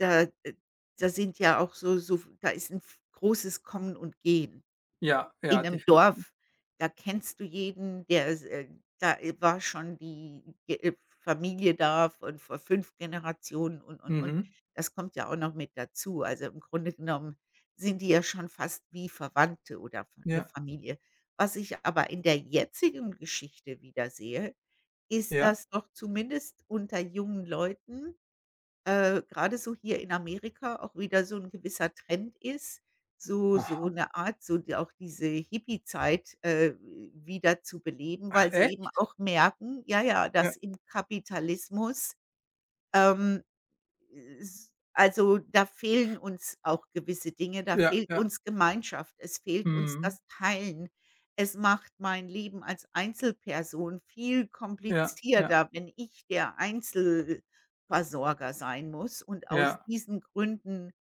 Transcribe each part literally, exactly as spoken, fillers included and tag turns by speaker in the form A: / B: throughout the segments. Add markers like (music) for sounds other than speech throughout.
A: Da äh, da sind ja auch so so da ist 'n v großes Kommen und Gehen.
B: Ja,
A: In
B: ja,
A: 'nem
B: definitiv.
A: Dorf, da kennst du jeden, der äh, da war schon die, äh, Familie da von vor fünf Generationen und, und, und.
B: Mhm.
A: Das kommt ja auch noch mit dazu. Also, im Grunde genommen sind die ja schon fast wie Verwandte oder F 'ne
B: Ja.
A: Familie. Was ich aber in der jetzigen Geschichte wiedersehe, ist,
B: Ja.
A: dass doch zumindest unter jungen Leuten, äh, grade so hier in Amerika, auch wieder so 'n gewisser Trend ist, so so
B: Aha.
A: 'ne Art so auch diese Hippie-Zeit, äh, wieder zu beleben,
B: Ach
A: weil sie eben
B: echt?
A: auch merken, ja, ja,
B: Ja.
A: dass im Kapitalismus, ähm, äh, s also, da fehlen uns auch gewisse Dinge. Da
B: Ja,
A: fehlt
B: ja.
A: uns Gemeinschaft, es fehlt uns
B: Mhm.
A: das Teilen. Es macht mein Leben als Einzelperson viel
B: Ja, ja.
A: komplizierter, wenn ich der Einzel-Versorger sein muss. Und aus
B: Ja.
A: diesen Gründen,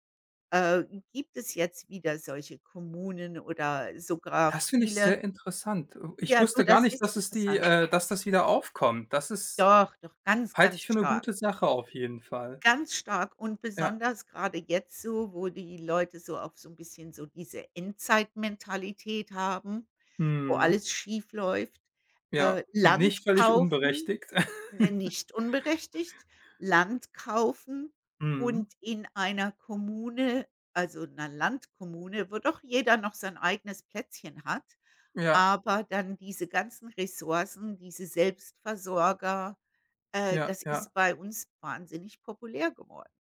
A: äh, gibt es jetzt wieder solche Kommunen oder sogar
B: Das finde ich
A: viele
B: sehr interessant. Äh, ich
A: Ja, du,
B: wusste gar
A: das
B: nicht,
A: ist
B: dass es die
A: interessant.
B: äh, dass das wieder aufkommt. Das ist
A: Doch, doch ganz,
B: halte ich
A: ganz
B: für 'ne
A: stark.
B: gute Sache auf jeden Fall.
A: Ganz stark und
B: Ja.
A: besonders grade jetzt so, wo die Leute so auf so 'n bisschen so diese Endzeitmentalität haben, wo
B: Mhm.
A: alles schiefläuft.
B: Ja,
A: Äh, Land
B: nicht völlig
A: kaufen,
B: unberechtigt.
A: ne,
B: (giggles)
A: nicht unberechtigt, Land kaufen
B: Mhm.
A: und in einer Kommune also 'ner Landkommune, wo doch jeder noch sein eigenes Plätzchen hat.
B: Ja.
A: Aber dann diese ganzen Ressourcen, diese Selbstversorger, äh,
B: Ja,
A: das
B: ja.
A: ist bei uns wahnsinnig populär geworden.